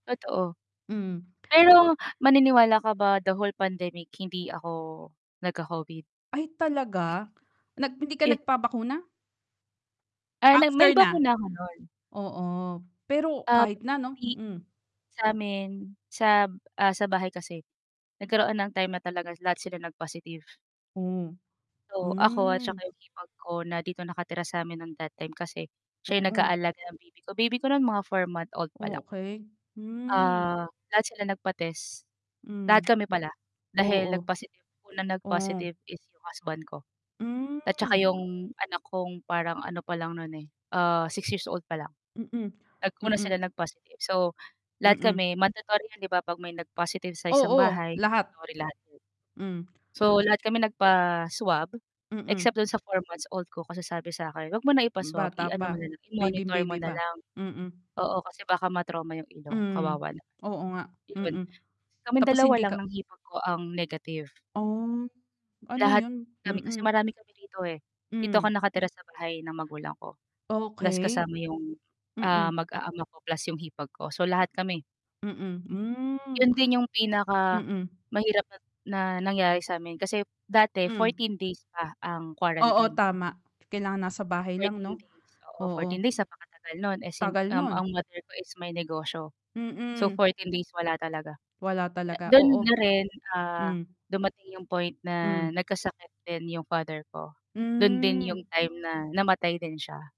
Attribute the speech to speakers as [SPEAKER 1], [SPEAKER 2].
[SPEAKER 1] Totoo.
[SPEAKER 2] Mm.
[SPEAKER 1] Pero maniniwala ka ba the whole pandemic hindi ako nagka-Covid?
[SPEAKER 2] Ay talaga? Nag hindi ka
[SPEAKER 1] Ye
[SPEAKER 2] nagpabakuna?
[SPEAKER 1] Ah, na may
[SPEAKER 2] After na.
[SPEAKER 1] bakuna ako nun.
[SPEAKER 2] Oo, pero
[SPEAKER 1] Ah,
[SPEAKER 2] kahit na 'no,
[SPEAKER 1] di
[SPEAKER 2] hmm.
[SPEAKER 1] sa'min sa ah, sa bahay kasi nagkaroon ng time na talaga lahat sila nag-positive.
[SPEAKER 2] Oh.
[SPEAKER 1] So, ako at
[SPEAKER 2] Hmm.
[SPEAKER 1] saka 'yung hipag ko na dito nakatira sa'min ng that time kasi siya yung
[SPEAKER 2] Oo.
[SPEAKER 1] nag-aalaga ng baby ko. Baby ko nun mga 4 month old pa lang.
[SPEAKER 2] Okey, hmm.
[SPEAKER 1] Ah, lahat sila nagpa-test, lahat
[SPEAKER 2] Hmm.
[SPEAKER 1] kami pala dahil nag
[SPEAKER 2] Oo,
[SPEAKER 1] positive unang nag-positive
[SPEAKER 2] Oh.
[SPEAKER 1] is 'yung husband ko at saka
[SPEAKER 2] Hmm.
[SPEAKER 1] 'yung anak kong parang ano pa lang nun, eh, ah, 6 years old pa lang.
[SPEAKER 2] Mm,
[SPEAKER 1] Nag-una
[SPEAKER 2] mm.
[SPEAKER 1] sila nag-positive. So, lahat
[SPEAKER 2] Mm.
[SPEAKER 1] kami mandatory 'yun 'di ba 'pag may nag-positive sa isang
[SPEAKER 2] Oo,
[SPEAKER 1] bahay
[SPEAKER 2] lahat.
[SPEAKER 1] mandatory lahat.
[SPEAKER 2] Hmm.
[SPEAKER 1] So, lahat kami nagpa-swab
[SPEAKER 2] Mm.
[SPEAKER 1] except dun sa four-months-old ko kasi sabi sa'kin, huwag mo na
[SPEAKER 2] Hmm,
[SPEAKER 1] ipa-swab,
[SPEAKER 2] bata
[SPEAKER 1] i-ano mo
[SPEAKER 2] pa.
[SPEAKER 1] na lang, i-monitor mo
[SPEAKER 2] Baybing-baby
[SPEAKER 1] na
[SPEAKER 2] pa.
[SPEAKER 1] lang.
[SPEAKER 2] Mm.
[SPEAKER 1] Oo, kasi baka ma-trauma yung ilong,
[SPEAKER 2] Hmm,
[SPEAKER 1] kawawa naman.
[SPEAKER 2] oo nga,
[SPEAKER 1] 'Yon,
[SPEAKER 2] mm.
[SPEAKER 1] kaming
[SPEAKER 2] Tapos
[SPEAKER 1] 2
[SPEAKER 2] hindi
[SPEAKER 1] lang
[SPEAKER 2] ka
[SPEAKER 1] ng hipag ko ang negative.
[SPEAKER 2] Oh, ano
[SPEAKER 1] Lahat
[SPEAKER 2] 'yun?
[SPEAKER 1] kami kasi
[SPEAKER 2] Mm.
[SPEAKER 1] marami kami rito eh. Dito
[SPEAKER 2] Hmm.
[SPEAKER 1] ako nakatira sa bahay ng magulang ko plus
[SPEAKER 2] Okey.
[SPEAKER 1] kasama 'yung, ah,
[SPEAKER 2] Mm.
[SPEAKER 1] mag-aama ko plus 'yung hipag ko. So, lahat kami.
[SPEAKER 2] Mm, hmm.
[SPEAKER 1] 'Yon din 'yong
[SPEAKER 2] Mm.
[SPEAKER 1] pinakamahirap na na nangyari sa'min kasi dati
[SPEAKER 2] Hmm.
[SPEAKER 1] 14 days pa ang
[SPEAKER 2] Oo
[SPEAKER 1] quarantine.
[SPEAKER 2] tama. Kailangan nasa bahay lang
[SPEAKER 1] 14
[SPEAKER 2] 'no?
[SPEAKER 1] days, oo,
[SPEAKER 2] Oo.
[SPEAKER 1] 14 days napakatagal no'n. Eh sim
[SPEAKER 2] Tagal
[SPEAKER 1] um, ang
[SPEAKER 2] nun.
[SPEAKER 1] mother ko is may negosyo. So,
[SPEAKER 2] Mm.
[SPEAKER 1] 14 days wala talaga.
[SPEAKER 2] Wala talaga,
[SPEAKER 1] Do'n
[SPEAKER 2] oo.
[SPEAKER 1] na rin, ah,
[SPEAKER 2] Hmm.
[SPEAKER 1] dumating 'yong point na
[SPEAKER 2] Hmm.
[SPEAKER 1] nagkasakit din 'yong father ko, do'n din 'yong
[SPEAKER 2] Hmm.
[SPEAKER 1] time na namatay din siya.